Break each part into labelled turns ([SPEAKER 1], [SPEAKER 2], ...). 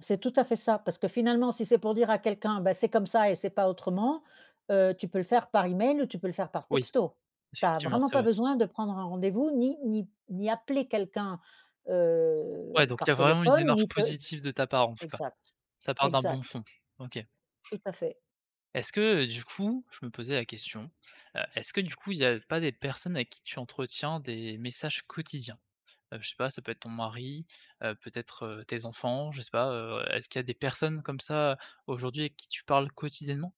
[SPEAKER 1] C'est tout à fait ça, parce que, finalement, si c'est pour dire à quelqu'un: «Bah, c'est comme ça et c'est pas autrement», heu, tu peux le faire par email ou tu peux le faire par
[SPEAKER 2] Oui,
[SPEAKER 1] texto. Tu as
[SPEAKER 2] effectivement
[SPEAKER 1] vraiment
[SPEAKER 2] c'est
[SPEAKER 1] pas
[SPEAKER 2] vrai.
[SPEAKER 1] besoin de prendre un rendez-vous, ni ni ni appeler quelqu'un, heu,
[SPEAKER 2] Ouais, donc il y a
[SPEAKER 1] par
[SPEAKER 2] vraiment une
[SPEAKER 1] téléphone,
[SPEAKER 2] démarche
[SPEAKER 1] ni te
[SPEAKER 2] positive de ta part, en tout cas,
[SPEAKER 1] exact,
[SPEAKER 2] ça part d'un bon
[SPEAKER 1] exact.
[SPEAKER 2] fond, OK.
[SPEAKER 1] Tout à fait.
[SPEAKER 2] Est-ce que, heu, du coup, je me posais la question, heu, est-ce que, du coup, il y a pas des personnes avec qui tu entretiens des messages quotidiens? Heu, je sais pas ça peut être ton mari, heu, peut être, heu, tes enfants, je sais pas, heu, est-ce qu'il y a des personnes comme ça aujourd'hui avec qui tu parles quotidiennement?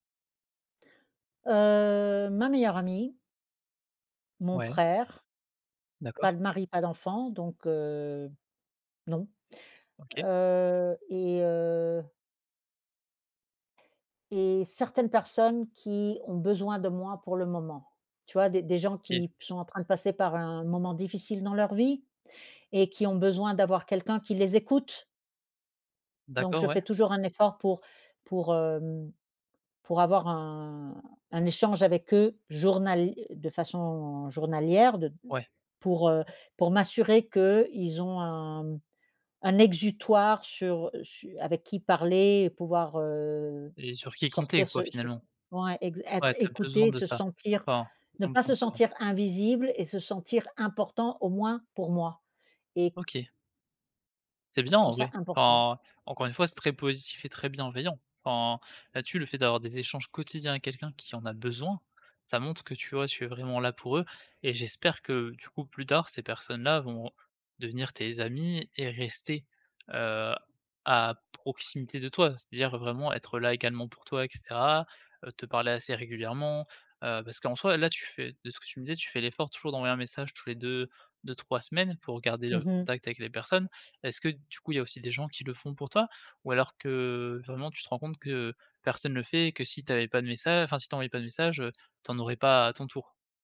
[SPEAKER 1] Heu, ma meilleure amie mon
[SPEAKER 2] Ouais.
[SPEAKER 1] frère.
[SPEAKER 2] D'accord.
[SPEAKER 1] Pas de mari, pas d'enfant donc heu, non,
[SPEAKER 2] OK.
[SPEAKER 1] heu, et heu et certaines personnes qui ont besoin de moi pour le moment. Tu vois, des des gens
[SPEAKER 2] OK.
[SPEAKER 1] qui sont en train de passer par un moment difficile dans leur vie et qui ont besoin d'avoir quelqu'un qui les écoute. Donc,
[SPEAKER 2] D'accord,
[SPEAKER 1] je fais
[SPEAKER 2] ouais.
[SPEAKER 1] toujours un effort pour pour, hem pour avoir un un échange avec eux journal de façon journalière, de
[SPEAKER 2] Ouais.
[SPEAKER 1] pour, heu pour m'assurer qu'ils ont un un exutoire sur su avec qui parler et pouvoir, heu,
[SPEAKER 2] Et sur qui compter,
[SPEAKER 1] sortir
[SPEAKER 2] quoi,
[SPEAKER 1] ce ce
[SPEAKER 2] finalement?
[SPEAKER 1] ouais, ex
[SPEAKER 2] Ouais,
[SPEAKER 1] être
[SPEAKER 2] tu as besoin
[SPEAKER 1] écouté,
[SPEAKER 2] de
[SPEAKER 1] se
[SPEAKER 2] ça?
[SPEAKER 1] sentir
[SPEAKER 2] Enfin,.
[SPEAKER 1] ne pas se
[SPEAKER 2] [unintelligible]
[SPEAKER 1] sentir invisible et se sentir important, au moins pour moi et
[SPEAKER 2] OK. C'est bien,
[SPEAKER 1] je
[SPEAKER 2] en
[SPEAKER 1] trouve ça
[SPEAKER 2] vrai.
[SPEAKER 1] important.
[SPEAKER 2] Enfin, encore une fois, c'est très positif et très bienveillant. Enfin, là dessus, le fait d'avoir des échanges quotidiens avec quelqu'un qui en a besoin, ça montre que, tu vois, tu es vraiment là pour eux, et j'espère que, du coup, plus tard, ces personnes là vont devenir tes amis et rester, heu, à proximité de toi, c'est-à-dire vraiment être là également pour toi et cetera, heu, te parler assez régulièrement, heu, parce qu'en soit, là, tu fais de ce que tu me disais, tu fais l'effort toujours d'envoyer un message tous les 2, 2-3 semaines pour garder
[SPEAKER 1] Mmh
[SPEAKER 2] le
[SPEAKER 1] mh.
[SPEAKER 2] contact avec les personnes. Est-ce que, du coup, il y a aussi des gens qui le font pour toi ou alors que vraiment tu te rends compte que personne le fait et que si tu avais pas de message enfin, si tu envoies pas de message, heu, tu en aurais pas à ton tour?